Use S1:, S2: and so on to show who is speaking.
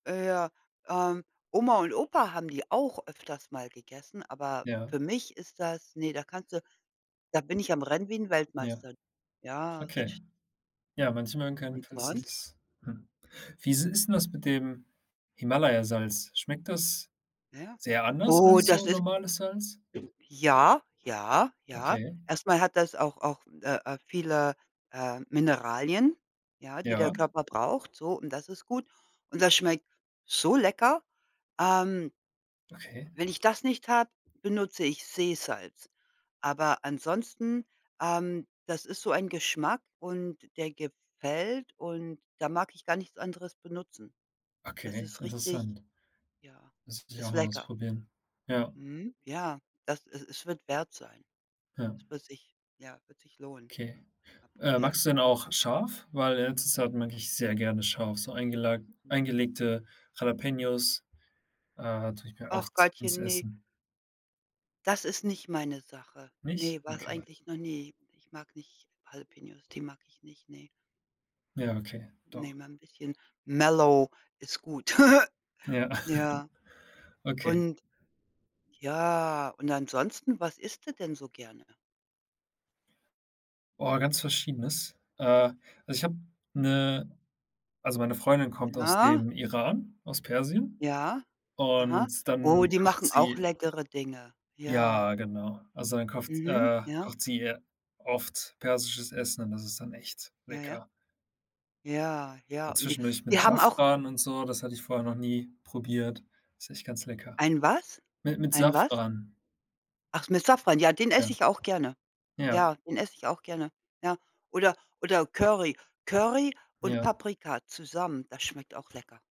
S1: Äh, ja, ähm, Oma und Opa haben die auch öfters mal gegessen, aber
S2: Ja.
S1: für mich ist das ne, da kannst du da bin ich am rennen wie 'n
S2: Ja.
S1: Weltmeister. Ja, ganz
S2: Okay.
S1: sch
S2: Ja, manche mögen kein
S1: Und
S2: falls dir
S1: sonst?
S2: das hm. Wie s ist 'n das mit dem Himalayasalz? Schmeckt das
S1: Ja,
S2: sehr anders
S1: oh
S2: als
S1: das
S2: so
S1: ist
S2: normales Salz?
S1: ja, ja, ja.
S2: Okay.
S1: Erst mal hat das auch auch, äh, äh, viele, äh, Mineralien, ja, die der
S2: Ja.
S1: Körper braucht, so und das ist gut. Und das schmeckt so lecker. Ähm
S2: Okay.
S1: wenn ich das nicht habe, benutze ich Seesalz. Aber ansonsten, ähm, das ist so ein Geschmack und der gefällt und da mag ich gar nichts anderes benutzen. Das
S2: Okay,
S1: ist
S2: interessant.
S1: richtig ja,
S2: Das muss ich auch
S1: ist
S2: mal
S1: lecker.
S2: ausprobieren, ja.
S1: Mhm, ja, das es es wird wert sein.
S2: Ja.
S1: Das wird sich ja, wird sich lohnen
S2: Okay.
S1: mal
S2: Äh,
S1: probieren.
S2: magst du denn auch scharf? Weil in letzter Zeit mag ich sehr gerne scharf, so eingelag
S1: Mhm.
S2: eingelegte Jalapeños, äh, tue ich mir
S1: Ach
S2: oft ins
S1: Gottchen, ne
S2: Essen.
S1: das ist nicht meine Sache.
S2: Nicht?
S1: Ne, war's
S2: Okay.
S1: eigentlich noch nie. Ich mag nicht Jalapeños, die mag ich nicht, ne?
S2: Ja, okay,
S1: Ne,
S2: doch
S1: mal 'n bisschen mellow ist gut.
S2: Ja,
S1: Ja.
S2: okay.
S1: Und, ja, und ansonsten, was isst du denn so gerne?
S2: Oh, ganz Verschiedenes. Äh, also, ich habe 'ne also, meine Freundin kommt aus
S1: Ja.
S2: dem Iran, aus Persien
S1: Ja, aha.
S2: und
S1: Oh,
S2: dann
S1: die
S2: kocht
S1: machen auch
S2: sie
S1: leckere Dinge, ja.
S2: Ja, genau. Also, dann kofft
S1: Mhm,
S2: äh,
S1: ja.
S2: kocht sie ja oft persisches Essen und das ist dann echt
S1: Ja, ja.
S2: lecker.
S1: Ja, ja,
S2: A
S1: und die
S2: zwischendurch
S1: die
S2: mit
S1: haben auch
S2: Safran und so, das hatte ich vorher noch nie probiert, ist echt ganz lecker.
S1: Ein was?
S2: Mi mit
S1: Ein was?
S2: Safran.
S1: Ach, mit Safran. Ja, den
S2: Ja,
S1: esse ich auch gerne.
S2: ja.
S1: Ja, den esse ich auch gerne, ja. Oder oder Curry. Curry und
S2: Ja.
S1: Paprika zusammen, das schmeckt auch lecker.